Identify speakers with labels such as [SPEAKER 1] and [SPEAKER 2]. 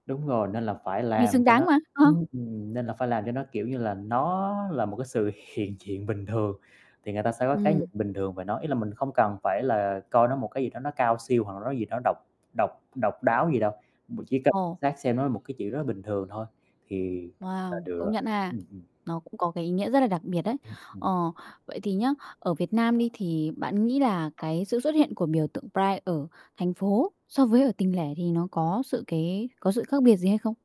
[SPEAKER 1] Đúng rồi, nên là phải
[SPEAKER 2] Vì
[SPEAKER 1] làm
[SPEAKER 2] xứng
[SPEAKER 1] cho
[SPEAKER 2] đáng
[SPEAKER 1] nó
[SPEAKER 2] mà.
[SPEAKER 1] ưm,
[SPEAKER 2] [unintelligible]
[SPEAKER 1] ừm, nên là phải làm cho nó, kiểu như là, nó là một cái sự hiện diện bình thường thì người ta sẽ có cái nhìn
[SPEAKER 2] Ừm.
[SPEAKER 1] bình thường về nó, ý là mình không cần phải là coi nó một cái gì đó nó cao siêu, hoặc là nó gì đó độc độc độc đáo gì đâu, b chỉ cần
[SPEAKER 2] Ồ.
[SPEAKER 1] xác xem nó là một cái chuyện rất là bình thường thôi, thì là
[SPEAKER 2] Wow!
[SPEAKER 1] được
[SPEAKER 2] Công
[SPEAKER 1] rồi.
[SPEAKER 2] nhận ha.
[SPEAKER 1] Ừm hừm.
[SPEAKER 2] Nó cũng có cái ý nghĩa rất là đặc biệt đấy.
[SPEAKER 1] Ừm,
[SPEAKER 2] Ờ.
[SPEAKER 1] ừm.
[SPEAKER 2] Vậy thì nhá, ở Việt Nam đi thì bạn nghĩ là cái sự xuất hiện của biểu tượng Pride ở thành phố so với ở tỉnh lẻ thì nó có sự cái có sự khác biệt gì hay không?